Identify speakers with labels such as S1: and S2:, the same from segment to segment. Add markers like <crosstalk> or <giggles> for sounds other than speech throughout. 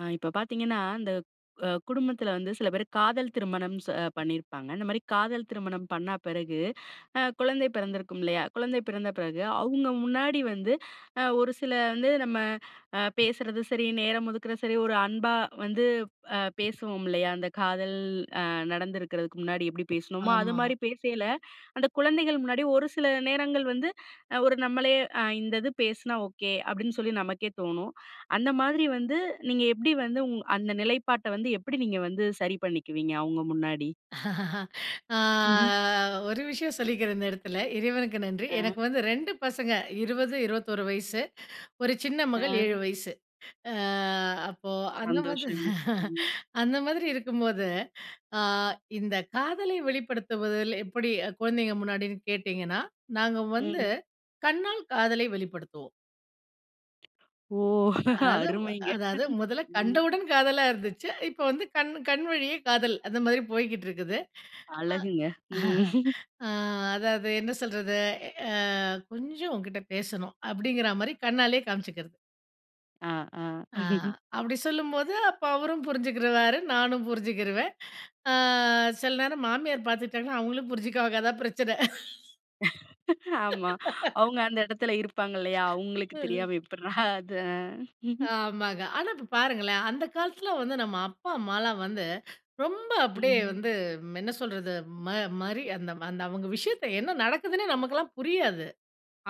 S1: அ, இப்ப பாத்தீங்கனா இந்த அ குடும்பத்துல வந்து சில பேரு காதல் திருமணம் ச பண்ணிருப்பாங்க. இந்த மாரி காதல் திருமணம் பண்ணா பெறகு அ குழந்தை பிறந்திருக்கும் இல்லையா? குழந்தை பிறந்த பிறகு, அவுங்க முன்னாடி வந்து அ ஒரு சில வந்து நம்ம அ பேசறது சரி, நேரம் ஒதுக்குறது சரி, ஒரு அன்பா வந்து, அ பேசுவோம் இல்லையா? அந்த காதல், அ நடந்திருக்கறதுக்கு முன்னாடி எப்டி பேசுனோமோ அது
S2: ஆமா.
S1: மாரி பேசைல, அந்த குழந்தைகள் முன்னாடி ஒரு சில நேரங்கள் வந்து அ ஒரு நம்மளே அ இந்தது பேசினா ஓகே, அப்டின்னு சொல்லி நமக்கே தோணும். அந்த மாதிரி வந்து நீங்க எப்டி வந்து உங் அந்த நிலைப்பாட்ட வந்து எப்டி நீங்க வந்து சரி பண்ணிக்குவீங்க அவங்க முன்னாடி?
S2: <laughs> ஆ
S1: ம்ஹ்ம்.
S2: ஒரு விஷயம் சொல்லிக்றேன் இந்த இடத்துல. இறைவனுக்கு நன்றி.
S1: அ.
S2: எனக்கு வந்து ரெண்டு பசங்க 20, 21 வயசு. <inhales> ஒரு சின்ன மகள்
S1: அ.
S2: 7 வயசு, அ அப்போ அந்த மாதிரி
S1: சந்தோஷங்க.
S2: <chuckles>
S1: ம்.
S2: <inhales> அந்த மாதிரி இருக்கும்போது <inhales> அ இந்த காதலை வெளிப்படுத்துவதில் எப்படி குழந்தைங்க முன்னாடின்னு கேட்டிங்கனா? நாங்க வந்து,
S1: ம்.
S2: கண்ணால் காதலை வெளிப்படுத்துவோம்.
S1: ஓ!
S2: அத
S1: அருமைங்க.
S2: அதாவது முதல்ல
S1: ம்.
S2: கண்டவுடன் காதலா இருந்துச்சு. இப்ப வந்து கண்ணு கண் வழியே காதல், அந்த மாரி போய்க்கிட்டு இருக்குது. <inhales> அ.
S1: அழகுங்க. ம். <chuckles>
S2: <chuckles> அ, அதாவது, என்ன சொல்றது? அ கொஞ்சம் உன்கிட்ட பேசணும் அப்டிங்ற மாரி கண்ணாலயே காமிச்சுக்கிறது.
S1: அ. அ.
S2: ஆ.
S1: <laughs>
S2: அப்டி சொல்லும்போது அப்போ அவரும் புரிஞ்சுக்கிருவாரு. நானும் புரிஞ்சுக்கிருவேன். ஆ. சில நேரம் மாமியார் பார்த்துட்டாங்கன்னா, அவங்களும் புரிஞ்சுக்குவாங்க, அதான் பிரச்சனை.
S1: ஆமா.
S2: <laughs>
S1: அவங்க அந்த இடத்தில்ல இருப்பாங்க இல்லையா? அவங்களுக்கு
S2: அ.
S1: தெரியாம எப்டிடா அது.
S2: ஆமாங்க. ஆனா இப்போ பாருங்களேன். அந்த காலத்தில வந்து நம்ம அப்பா அம்மாலாம் வந்து, ரொம்ப அப்டியே
S1: ம்.
S2: வந்து என்ன சொல்றது? ம மரி அந்த அந்த அவங்க விஷயத்தை என்ன நடக்குதுன்னே நமக்கெல்லாம் புரியாது.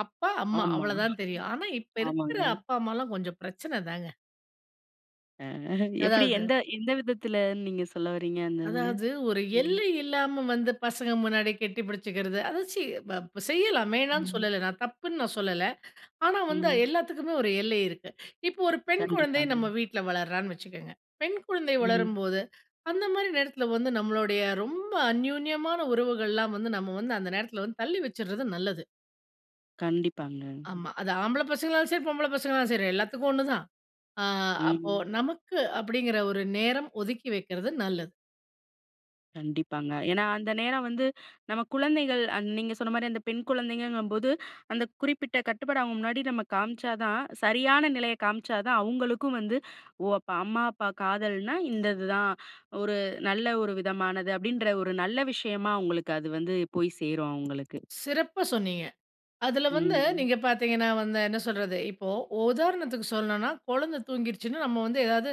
S2: அப்பா அம்மா
S1: ஆமா. <chuckles>
S2: அவ்வளோதான் தெரியும். ஆனா, இப்ப இருக்கிற
S1: ஆமாங்க.
S2: அப்பா அம்மாலாம் கொஞ்சம் பிரச்சனை தாங்க.
S1: அ எப்படி?
S2: அதாவது.
S1: எந்த, எந்த விதத்தில நீங்க சொல்லவறீங்க, அந்த இதுன்னு.
S2: அதாவது. ஒரு
S1: ம்.
S2: எல்லை இல்லாம வந்து பசங்க முன்னாடி கட்டி பிடிச்சுக்கிறது. அத சி ப செய்யலாம் வேணான்னு
S1: ம்.
S2: சொல்லல, நான் தப்புன்னு நான் சொல்லல. ஆனா, வந்து
S1: ம்.
S2: எல்லாத்துக்குமே ஒரு எல்லை இருக்கு. இப்போ, ஒரு பெண் குழந்தை நம்ம
S1: கண்டிப்பாங்க.
S2: வீட்ல வளர்றான்னு வச்சுக்கங்க. பெண் குழந்தை
S1: ம்.
S2: வளரும்போது அந்த மாதிரி நேரத்தில வந்து நம்மளுடைய ரொம்ப அன்யோன்யமான உறவுகள்லாம் வந்து நம்ம வந்து அந்த நேரத்தில வந்து தள்ளி வச்சிடுறது நல்லது.
S1: கண்டிப்பாங்கங்.
S2: ஆமா. அது ஆம்பள பசங்களாலும் சரி, பொம்பள பசங்களாலும் சரி எல்லாத்துக்கும் ஒண்ணுதான். அ அப்போ,
S1: ம்.
S2: நமக்கு அப்டிங்கிற ஒரு நேரம் ஒதுக்கி வைக்கிறது நல்லது.
S1: கண்டிப்பாங்க. ஏன்னா, அந்த நேரம் வந்து நம்ம குழந்தைகள், அந் நீங்க சொன்னமாரி அந்த பெண் குழந்தைங்கங்கும்போது, அந்த குறிப்பிட்ட கட்டுப்பாடு அவுங்க முன்னாடி நம்ம காமிச்சா தான் சரியான நிலைய காமிச்சா தான் அவுங்களுக்கும் வந்து, "ஓ! அப்போ அம்மா, அப்பா காதல்னா இந்த இது தான். ஒரு நல்ல ஒரு விதமானது." அப்பிடின்ற ஒரு நல்ல விஷயமா அவுங்களுக்கு அது வந்து போய் சேரும். அவுங்களுக்கு.
S2: சிறப்பா சொன்னீங்க. அதுல வந்து
S1: ம்.
S2: நீங்க பார்த்தீங்கன்னா வந்து, என்ன சொல்றது. இப்போ உதாரணத்துக்கு சொல்லணும்னா, குழந்த தூங்கிருச்சுன்னு நம்ம வந்து ஏதாவது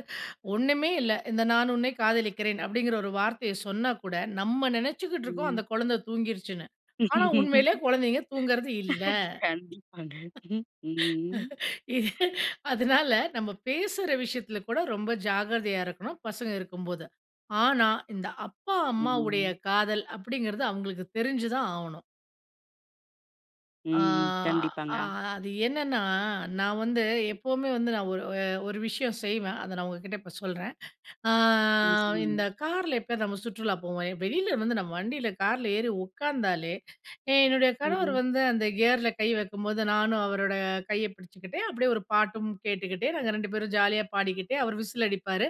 S2: ஒன்னுமே இல்ல. இந்த "நான் உன்னை காதலிக்கிறேன்." அப்பிடிங்கிற ஒரு வார்த்தைய சொன்னாகூட நம்ம நெனச்சிக்கிடடு இருக்கோம்,
S1: ம்.
S2: அந்த குழந்த தூங்கிருச்சுன்னு. ஆனா உண்மையிலயே குழந்தைங்க தூங்குறது இல்ல!
S1: <laughs> கண்டிப்பாங்க. ம்ஹ்ம். ம்.
S2: <laughs> அதுனால நம்ம பேசுற விஷயத்துல கூட ரொம்ப ஜாக்கிரதையா இருக்கணும். பசங்க இருக்கும்போது. ஆனா, இந்த அப்பா, அம்மாவுடைய
S1: ம்.
S2: காதல் அப்பிடிங்கிறது அவுங்களுக்கு தெரிஞ்சுதான் ஆவணும்.
S1: ம்,
S2: அ
S1: ம். கண்டிப்பாங்க
S2: அ அது என்னன்னா, நான் வந்து எப்பவுமே வந்து நான் ஒரு அ ஒரு விஷயம் செய்வேன். அத நான் உங்ககிட்ட இப்ப சொல்றேன். அ
S1: ம். சொல்லுங்க.
S2: இந்த கார்ல எப்பயாவது நம்ம சுற்றுலா போவோம் வெளில வந்து நம்ம வண்டில, கார்ல ஏறி உட்காந்தாலே, ஏ என்னுடைய கணவர்
S1: ம்.
S2: வந்து அந்த கியர்ல கை வைக்கும்போது நானும் அவரோட கைய பிடிச்சுக்கிட்டே, அப்பிடியே ஒரு பாட்டும் கேட்டுக்கிட்டே, நாங்க ரெண்டு பேரும் ஜாலியா பாடிக்கிட்டே, அவர் விசில் அடிப்பாரு!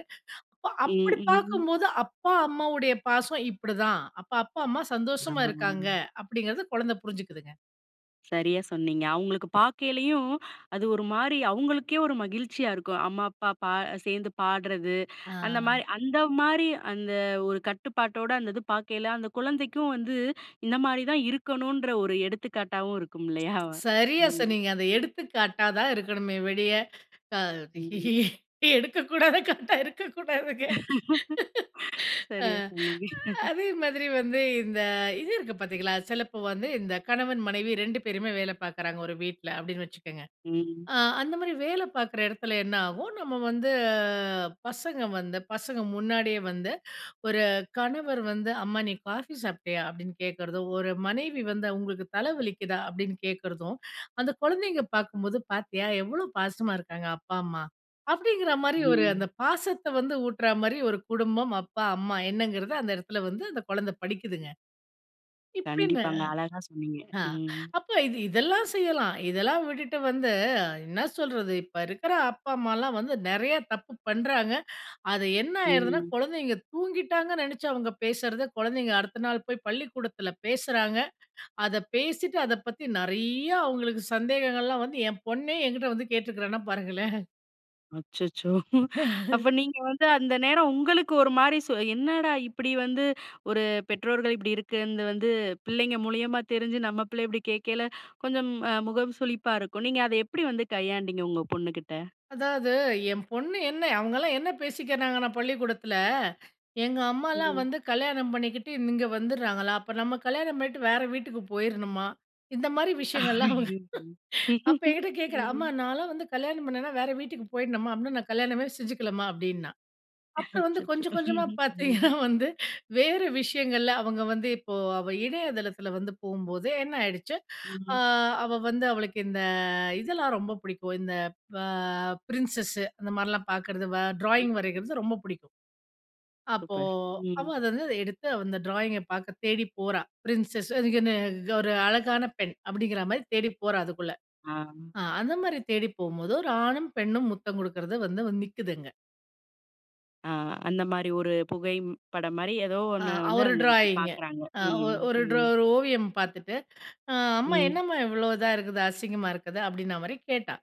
S2: அப்போ
S1: ம்,
S2: அப்பிடி
S1: ம்.
S2: பார்க்கும்போது, "அப்பா, அம்மாவுடைய பாசம் இப்பிடிதான். அப்ப அப்பா, அம்மா
S1: ஆ.
S2: சந்தோஷமா இருக்காங்க." அப்பிடிங்கிறது குழந்தை புரிஞ்சிக்குதுங்க.
S1: சரியா சொன்னீங்க. அவுங்களுக்கு பார்க்கலேயும் அது ஒருமாரி அவுங்களுக்கே ஒரு மகிழ்ச்சியா இருக்கும். அம்மா, அப்பா பா சேர்ந்து பாடுறது, அந்த
S2: ஆ.
S1: மாரி, அந்தமாரி அந்த ஒரு கட்டுப்பாட்டோட அந்த இது பாக்கையில, அந்த குழந்தைக்கும் வந்து இந்தமாரி தான் இருக்கணும்ன்ற ஒரு எடுத்துக்காட்டாவும் இருக்கும் இல்லயா!
S2: சரியா
S1: ம்.
S2: சொன்னீங்க. அந்த எடுத்துக்காட்டா தான் இருக்கணுமே ஒழிய, அ
S1: ம்.
S2: எடுக்கக்கூடாத காட்டா இருக்கக்கூடாதுங்க.
S1: <laughs>
S2: <laughs> அ
S1: சரியா சொன்னீங்க. <laughs>
S2: அதே மாதிரி வந்து இந்த இது இருக்கு பாத்தீங்களா! சிலப்போ வந்து இந்த கணவன், மனைவி ரெண்டு பேருமே வேல பார்க்குறாங்க ஒரு வீட்ல அப்பிடின்னு வச்சுக்கங்க.
S1: ம்.
S2: அ அந்தமாரி வேல பார்க்குற இடத்துல என்னாவும், நம்ம வந்து பசங்க வந்து பசங்க முன்னாடியே வந்து ஒரு கணவர் வந்து அம்மா, "நீ காஃபி சாப்பிட்டியா? அப்பிடின்னு கேட்கறதும்," ஒரு மனைவி வந்து, "உங்களுக்கு தலை வலிக்குதா? அப்பிடின்னு கேட்கிறதும்," அந்த குழந்தைங்க பார்க்கும்போது, பார்த்தியா! எவ்ளோ பாசமா இருக்காங்க அப்பா, அம்மா அப்பிடிங்கிறமாரி ஒரு அந்த
S1: ம்.
S2: பாசத்த வந்து ஊட்றமாரி ஒரு குடும்பம், அப்பா, அம்மா என்னங்கிறத அந்த இடத்தில வந்து அந்த குழந்த படிக்குதுங்க. இப்படின்னு
S1: கண்டிப்பாங்க. அழகா சொன்னீங்க.
S2: ஆ
S1: ம்.
S2: அப்ப இது இதெல்லாம் செய்யலாம். இதெல்லாம் விட்டுட்டு வந்து என்ன சொல்றது இப்ப இருக்கிற அப்பா, அம்மாலாம் வந்து நிறைய தப்பு பண்றாங்க. அது என்ன ஆயிருதுன்னா,
S1: ம்.
S2: குழந்தைங்க தூங்கிட்டாங்கன்னு நினைச்சு அவங்க பேசுறத குழந்தைங்க அடுத்த நாள் போய் பள்ளிக்கூடத்தில பேசுறாங்க. அத பேசிட்டு அத பத்தி நிறையா, அவுங்களுக்கு சந்தேகங்கள்லாம் வந்து என் பொண்ணே என்கிட்ட வந்து கேட்டுருக்கிறான்னா, பாருங்களேன்!
S1: அச்சச்சோ! <chuckles> அப்ப
S2: <chuckles>
S1: நீங்க வந்து அந்த நேரம் உங்களுக்கு ஒரு மாரி, சொ என்னடா இப்படி வந்து ஒரு பெற்றோர்கள் இப்படி இருக்கறது வந்து பிள்ளைங்க மூலியமா தெரிஞ்சி, நம்ம பிள்ளை இப்படி கேட்கைல, கொஞ்சம் அ முகம் சுழிப்பா இருக்கும். நீங்க அத எப்படி வந்து கையாண்டீங்க, உங்க பொண்ணுகிட்ட?
S2: அதாவது என் பொண்ணு என்ன அவங்கலாம் என்ன பேசிக்கிறாங்கன்னா பள்ளிக்கூடத்துல, எங்க அம்மாலாம்
S1: ம்.
S2: வந்து கல்யாணம் பண்ணிக்கிட்டு இங்க வந்துறாங்களா. அப்ப நம்ம கல்யாணம் பண்ணிட்டு வேற வீட்டுக்கு போயிருணுமா? இந்த மாரி விஷயங்கள்லாம் அவங்க
S1: ஐயையோ!
S2: அப்ப என்கிட்ட கேட்கிறா? அம்மா
S1: ம்.
S2: நான்லாம் வந்து கல்யாணம் பண்ணேனா, வேற வீட்டுக்கு போயிடணுமா? அப்படினா நான் கல்யாணமே செஞ்சிக்கலமா அப்படின்னா. அப்புறம் வந்து
S1: அச்சச்சோ!
S2: கொஞ்சம் கொஞ்சமா
S1: ம்.
S2: பார்த்தீங்கன்னா
S1: ம்.
S2: வந்து வேற விஷயங்கள்ல அவங்க வந்து இப்போ அவ இணையதளத்தில வந்து போம்போதே என்ன ஆயிடுச்சி, அ
S1: ம்.
S2: அவ வந்து அவளுக்கு இந்த இதெல்லாம் ரொம்ப பிடிக்கும். இந்த ப பிரின்சஸ் அந்த மாரிலாம் பார்க்கறது. வ
S1: ம்.
S2: ட்ராயிங் வரைறது ரொம்ப பிடிக்கும். அப்போ
S1: சூப்பர்.
S2: அவ
S1: ம்.
S2: அத வந்து எடுத்து அந்த ட்ராயிங்க பார்க்க தேடி போறா. பிரின்சஸ்ன்னு அதுக்குனு ஒரு அழகான பெண்! அப்படிங்கிற மாரி தேடி போறா அதுக்குள்ள.
S1: ஆ.
S2: அ அந்த மாரி தேடி போம்போது, ஒரு ஆணும் பெண்ணும் முத்தம் குடுக்கறது வந்து நிக்குது அங்க.
S1: அ. அந்தமாரி ஒரு புகைப்படம் மாரி, ஏதோ
S2: ஆ.
S1: ஒண்ணு வந்து
S2: அவரு
S1: அங்க அன்னக்கி
S2: ட்ராயிங்கு.
S1: பார்க்குறாங்க.
S2: ஆ ஒ
S1: ம்,
S2: ஒரு
S1: ம்.
S2: ட்ரோ ஒரு ஓவியம் பார்த்துட்டு, அ "அம்மா
S1: ம்.
S2: என்னம்மா இவ்ளோ இதா இருக்குது? அசிங்கமா இருக்குது." அப்பிடின்னமாரி கேட்டா.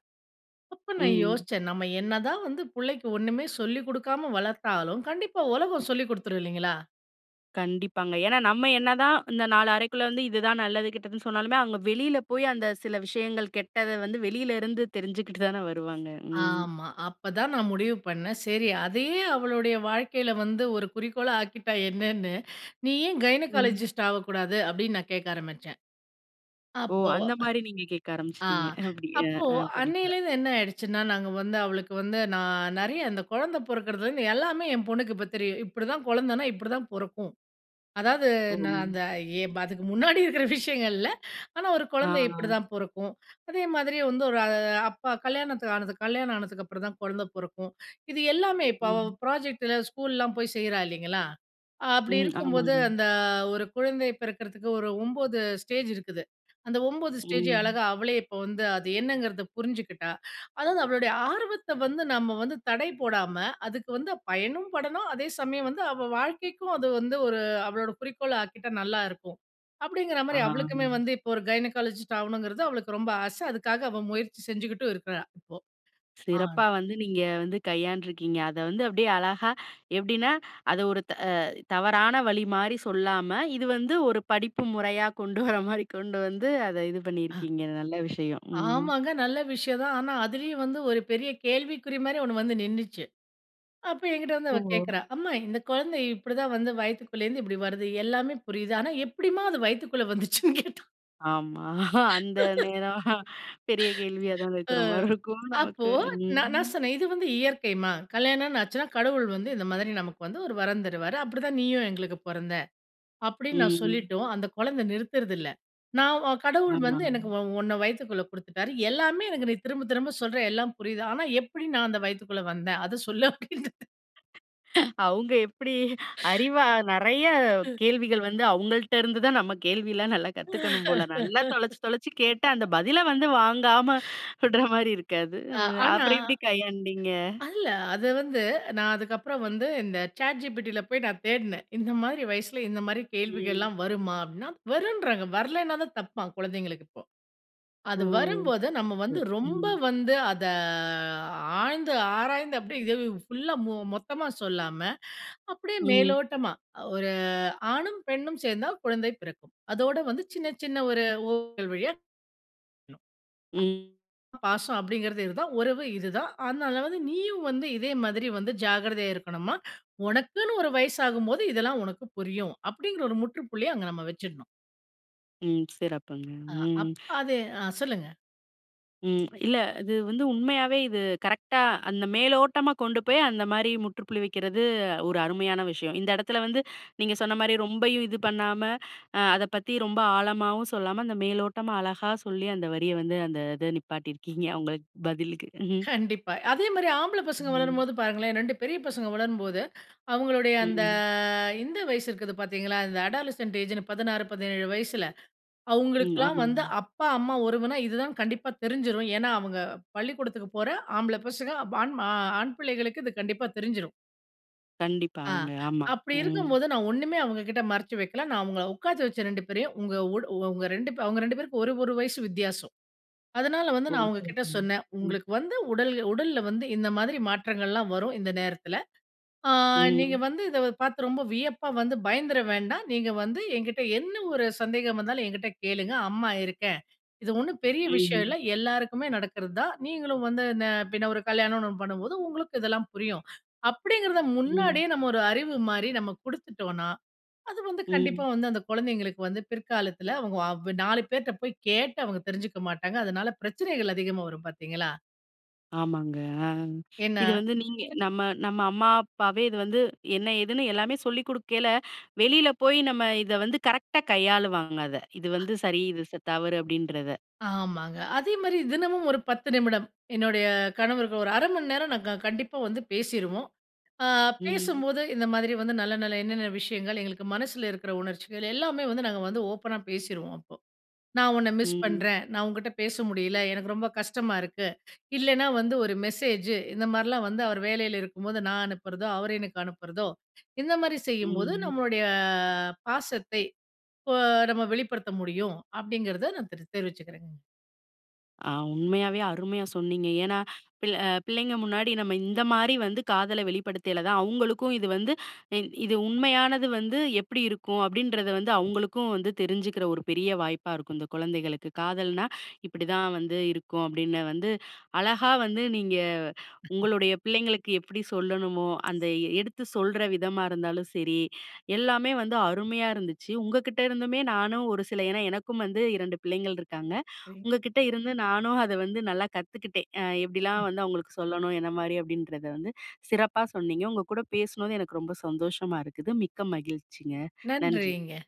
S2: அப்ப நான்
S1: ம்.
S2: யோசிச்சேன். நம்ம என்னதான் வந்து பிள்ளைக்கு ஒண்ணுமே சொல்லிக் குடுக்காம வளர்த்தாலும், கண்டிப்பா உலகம் சொல்லிக் குடுத்துரும் இல்லைங்களா?
S1: கண்டிப்பாங்க. ஏன்னா, நம்ம என்ன தான் இந்த நாலு அறைக்குள்ள வந்து இது தான் நல்லது, கெட்டதுன்னு சொன்னாலுமே! அவுங்க வெளில போய் அந்த சில விஷயங்கள் கெட்டத வந்து வெளில இருந்து தெரிஞ்சிக்கிட்டு தான வருவாங்க. ம்.
S2: ஆமா. அப்பதான் நான் முடிவு பண்னேன். சரி, அதையும் அவளுடைய வாழ்க்கையில வந்து ஒரு குறிக்கோளா ஆக்கிட்டா என்னன்னு, "நீ ஏன்
S1: ம்.
S2: கைனகாலஜிஸ்ட் ஆவக்கூடாது?" அப்பிடின்னு நான் கேட்க ஆரம்பிச்சேன்.
S1: ஓ!
S2: அப்போ
S1: அந்தமாரி நீங்க கேட்க
S2: அ ஆ
S1: ஆரம்பிச்சிட்டீங்க. அப்பிடி ஆ,
S2: அப்போ
S1: ஆ. படிப்புல.
S2: அன்னையிலேருந்து என்ன ஆயிடுச்சுன்னா, நாங்க வந்து அவளுக்கு வந்து நான் நிறைய, அந்த குழந்தை பிறக்கிறதுலிருந்து எல்லாமே என் பொண்ணுக்கு இப்ப தெரியும். இப்பிடிதான், குழந்தனா இப்பிடிதான் பொறக்கும். அதாவது நான்
S1: ஓ!
S2: அந்த ஏ ப அதுக்கு முன்னாடி இருக்கிற விஷயங்கள் இல்ல. ஆனா, ஒரு
S1: ஆ,
S2: குழந்தை
S1: ஆ.
S2: இப்பிடிதான் பொறக்கும். அதே மாதிரி வந்து ஒரு அப்பா கல்யாணத்துக்கு ஆனது கல்யாணம் ஆனதுக்கு அப்புறம் தான் குழந்தை பொறக்கும். இது எல்லாமே இப்ப அவ
S1: ம்.
S2: ப்ராஜெக்ட்டில ஸ்கூல்லாம் போய் செய்றா இல்லைங்களா! அப்பிடி
S1: ம்.
S2: இருக்கும்போது,
S1: ஆமாங்க.
S2: அந்த ஒரு குழந்தை பிறக்கறதுக்கு ஒரு 9 ஸ்டேஜ் இருக்குது. அந்த 9 ஸ்டேஜயும்
S1: ம்.
S2: அழகா அவளே இப்ப வந்து அது என்னங்கிறத புரிஞ்சுக்கிட்டா. அதாவது அவளுடைய ஆர்வத்த வந்து நம்ம வந்து தடை போடாம, அதுக்கு வந்து பயனும் படணும், அதே சமயம் வந்து அவ வாழ்க்கைக்கும் அது வந்து ஒரு அவளோட குறிக்கோளா ஆக்கிட்டா, நல்லாயிருக்கும்
S1: ஆ.
S2: அப்பிடிங்கிறமாரி. அவளுக்குமே வந்து இப்போ ஒரு கைனகாலஜிஸ்ட் ஆவணுங்கிறது, அவளுக்கு ரொம்ப ஆச. அதுக்காக அவ முயற்சி செஞ்சுக்கிட்டும் இருக்குறா. இப்போ. ஆன்.
S1: சிறப்பா வந்து நீங்க வந்து கையாண்டு இருக்கீங்க. அத வந்து அப்பிடியே அழகா எப்பிடின்னா, அத ஒரு அ தவறான வழிமாரி சொல்லாம, இது வந்து ஒரு படிப்பு முறையா கொண்டு வர்றமாரி கொண்டு வந்து அத இது
S2: ஆ.
S1: பண்ணியிருக்கீங்க. நல்ல விஷயம். ம்.
S2: ஆமாங்க. நல்ல விஷயம் தான். ஆனா அதிலயும் வந்து ஒரு பெரிய கேள்விக்குறிமாரி ஒண்ணு வந்து நின்னுச்சு. அப்ப எங்கிட்ட வந்து அவ
S1: ஓ!
S2: கேட்கிறா, அம்மா இந்த குழந்தை இப்பிடிதான் வந்து, வயித்துக்குள்ள இருந்து இப்பிடி வருது எல்லாமே புரியுது. ஆனா, எப்பிடிம்மா அது வயித்துக்குள்ள வந்துச்சுன்னு கேட்டா!
S1: ஆமா. அந்த
S2: <laughs>
S1: நேரம் <chuckles> பெரிய கேள்வியா
S2: <laughs>
S1: தான்
S2: அ.
S1: இருக்கிற மாதிரி இருக்கும்
S2: அப்போ
S1: நமக்கு.
S2: நான் நான்
S1: ம்.
S2: சொன்னேன். இது வந்து இயற்கைம்மா. கல்யாணம்ன்னு ஆச்சுன்னா, கடவுள் வந்து இந்த மாதிரி நமக்கு வந்து ஒரு வரம் தருவாரு. அப்படிதான் நீயும் எங்களுக்கு பொறந்த, அப்படின்னு நான்
S1: ம். ம்.
S2: சொல்லிட்டும் அந்த குழந்தை நிறுத்துறதில்லை. நான் அ கடவுள்
S1: ஆமா.
S2: வந்து எனக்கு உ உன்னை வயித்துக்குள்ள குடுத்துட்டாரு. எல்லாமே எனக்கு நீ திரும்ப, திரும்ப சொல்ற எல்லாம் புரியுது. ஆனா, எப்படி நான் அந்த வயித்துக்குள்ளே வந்தேன். அதை சொல்லு அப்படின்குது. <laughs>
S1: <giggles> அவுங்க எப்படி அறிவா நிறைய
S2: <laughs>
S1: கேள்விகள் வந்து அவங்கள்ட்ட இருந்து தான், நம்ம கேள்விலாம் நல்லா கத்துக்கணும் போல. நல்லா தொலைச்சு தொலைச்சு கேட்டு, அந்த
S2: <laughs>
S1: பதிலை வந்து வாங்காம
S2: <breath>
S1: விடுற மாரி இருக்காது.
S2: அ
S1: அ
S2: ஆனா
S1: அப்புறம் எப்படி கையாண்டீங்க.
S2: இல்லை அதை வந்து நான் அதுக்கப்புறம் வந்து இந்த சாட்ஜிபிட்டில போய் நான் தேடினேன். இந்த மாரி வயசுல இந்த மாரி
S1: ம்.
S2: கேள்விகள்லாம் வருமா அப்படின்னா, வருன்றாங்க. வரலைனா தான் தப்பாம் குழந்தைங்களுக்கு இப்போ.
S1: ஓ!
S2: அது வரும்போது நம்ம வந்து ரொம்ப
S1: ம்.
S2: வந்து அதை ஆழ்ந்து ஆராய்ந்து அப்படியே இதை ஃபுல்லா மொத்தமா சொல்லாம அப்படியே
S1: ம்.
S2: மேலோட்டமா, ஒரு ஆணும் பெண்ணும் சேர்ந்தால் குழந்தை பிறக்கும், அதோடு வந்து சின்ன, சின்ன ஒரு ஊடல் வழியா.
S1: ம்.
S2: பாசம் அப்படிங்கிறது இது தான் உறவு இது தான். அதனால வந்து நீயும் வந்து இதே மாதிரி வந்து ஜாக்கிரதையா இருக்கணும்மா. உனக்குன்னு ஒரு வயசு ஆகும்போது இதெல்லாம் உனக்கு புரியும். அப்படிங்கிற ஒரு முற்றுப்புள்ளிய அங்க நம்ம வச்சிடனும்.
S1: ம். சிறப்புங்க.
S2: அ,
S1: ம்.
S2: அப்ப அது அ சொல்லுங்க.
S1: ம். இல்ல, இது வந்து உண்மையாவே இது கரெக்டா அந்த மேலோட்டமா கொண்டு போய், அந்த மாரி முற்றுப்புள்ளி வைக்கிறது ஒரு அருமையான விஷயம். இந்த இடத்துல வந்து நீங்க சொன்ன மாரி, ரொம்பயும் இது பண்ணாம அத பத்தி ரொம்ப ஆழமாவும் சொல்லாம. அந்த மேலோட்டமா அழகா சொல்லி, அந்த வரிய வந்து அந்த இத நிப்பாட்டியிருக்கீங்க! அவங்களுக்கு பதிலுக்கு. ம்ஹ்ம்.
S2: கண்டிப்பா. அதேமாரி ஆம்பள பசங்க
S1: ம்.
S2: வளரும்போது பாருங்களேன், 2 பெரிய பசங்க வளரும்போது. அவுங்களுடைய அந்த
S1: ம்.
S2: இந்த வயசு இருக்குது பார்த்தீங்களா. இந்த அடாலசென்ட் ஏஜ்ன்னு 16, 17 வயசுல.
S1: ம்.
S2: அவங்களுக்குலாம் வந்து
S1: ஆமாங்க.
S2: அப்பா அம்மா உறவுனா இதுதான்னு கண்டிப்பா தெரிஞ்சுரும். ஏன்னா, அவங்க பள்ளிக்கூடத்துக்கு போற ஆம்பள பசங்க வாண் ஆண் பிள்ளைகளுக்கு, இது கண்டிப்பா தெரிஞ்சிரும்.
S1: கண்டிப்பா.
S2: அ
S1: அவங்க ஆமா.
S2: அப்படி
S1: ம்.
S2: இருக்கும்போது நான் ஒண்ணுமே அவங்க கிட்ட மறைச்சு வைக்கல. நான் அவங்கள உட்காத்தி வச்ச 2 பேரையும், உங்க ஒடு உங்க 2 பே அவங்க 2 பேருக்கு ஒரு ஒரு வயசு வித்தியாசம். அதனால, வந்து
S1: ஓ.
S2: நான்
S1: ஓகே,
S2: அவங்ககிட்ட
S1: ஓகே.
S2: சொன்ன,
S1: ம்.
S2: உங்களுக்கு வந்து உடல் உடல்ல வந்து இந்த மாதிரி மாற்றங்கள்லாம் வரும். இந்த நேரத்தில, அ நீங்க
S1: ம்.
S2: வந்து இத பார்த்து ரொம்ப வியப்பா வந்து பயந்துற வேண்டாம். நீங்க வந்து என்கிட்ட என்ன ஒரு சந்தேகம் வந்தாலும் என்கிட்ட கேளுங்க, அம்மா இருக்கேன். இது ஒண்ணும் பெரிய விஷயம் இல்ல.
S1: ம்.
S2: எல்லாருக்குமே நடக்கிறது தான். நீங்களும் வந்து இந்த பின்ன ஒரு கல்யாணம்னு ஒண்ணு பண்ணும்போது உங்களுக்கு இதெல்லாம் புரியும், அப்படிங்கிறத
S1: ம்.
S2: முன்னாடியே நம்ம ஒரு அறிவு மாரி நம்ம குடுத்துட்டோனா, அது வந்து கண்டிப்பா
S1: ம்.
S2: வந்து அந்த குழந்தைகளுக்கு வந்து பிற்காலத்துல, அவங்க அவ் நாலு பேர்ட போய் கேட்டு அவங்க தெரிஞ்சுக்க மாட்டாங்க. அதனால, பிரச்சனைகள் அதிகமா வரும், பார்த்தீங்களா.
S1: ஆமாங்க. அ
S2: ஏன்னா
S1: இது வந்து நீங்க நம்ம நம்ம அம்மா அப்பாவே இது வந்து என்ன, ஏதுன்னு எல்லாமே சொல்லிக் கொடுக்கயில, வெளியில போய் நம்ம இத வந்து கரெக்ட்டா கையாளுவாங்க அத, இது
S2: அ.
S1: வந்து சரி. இது ச தவறு அப்படின்றத.
S2: ஆமாங்க. அதே மாதிரி தினமும் ஒரு 10 நிமிடம் என்னுடைய கணவருக்கு. ஒரு 1/2 மணி நேரம் நாங்க கண்டிப்பா வந்து பேசிருவோம். அ
S1: ம்.
S2: பேசும்போது இந்த மாதிரி வந்து நல்ல, நல்ல என்னென்ன விஷயங்கள் எங்களுக்கு மனசுல இருக்கிற உணர்ச்சிகள் எல்லாமே வந்து நாங்க வந்து ஓப்பனா பேசிருவோம் அப்போ. நான் உன்ன மிஸ்
S1: ம்.
S2: பண்றேன் நான் உன்கிட்ட பேச முடியல எனக்கு ரொம்ப கஷ்டமா இருக்கு. இல்லைனா வந்து ஒரு மெசேஜூ. இந்த மாரிலாம் வந்து அவர் வேலையில இருக்கும்போது நான் அனுப்புறதோ, அவர் எனக்கு அனுப்புறதோ இந்த மாதிரி செய்யும்போது
S1: ம்.
S2: நம்மளுடைய பாசத்தை இப்போ நம்ம வெளிப்படுத்த முடியும். அப்படிங்கிறதை நான் தெரி தெரிவிச்சுக்கிறேங்க.
S1: ஆ. உண்மையாவே அருமையா சொன்னீங்க. ஏன்னா பிள்ள அ பிள்ளைங்க முன்னாடி நம்ம இந்த மாரி வந்து காதல வெளிப்படுத்தியல தான் அவங்களுக்கும் இது வந்து இது உண்மையானது வந்து எப்படி இருக்கும் அப்படின்றது வந்து அவங்களுக்கும் வந்து தெரிஞ்சுக்கிற ஒரு பெரிய வாய்ப்பா இருக்கும். இந்த குழந்தைகளுக்கு காதல்னா, இப்படி தான் வந்து இருக்கும் அப்படின்னு வந்து அழகா வந்து நீங்க உங்களுடைய பிள்ளைங்களுக்கு எப்படி சொல்லணுமோ, அந்த எடுத்து சொல்ற விதமா இருந்தாலும் சரி, எல்லாமே வந்து அருமையா இருந்துச்சு. உங்கக்கிட்ட இருந்துமே நானும் ஒரு சில ஏன்னா எனக்கும் வந்து 2 பிள்ளைங்கள் இருக்காங்க.
S2: <unintelligible>
S1: உங்ககிட்ட இருந்து நானும் அத வந்து நல்லா கத்துக்கிட்டேன். அ எப்படிலாம்
S2: ம்.
S1: வந்து அவங்களுக்கு சொல்லணும் என்ன மாரி அப்படின்றத வந்து சிறப்பா சொன்னீங்க உங்க கூட பேசுனது எனக்கு ரொம்ப சந்தோஷமா இருக்குது. மிக்க மகிழ்ச்சிங்க. நன்றி.
S2: நன்றிங்க.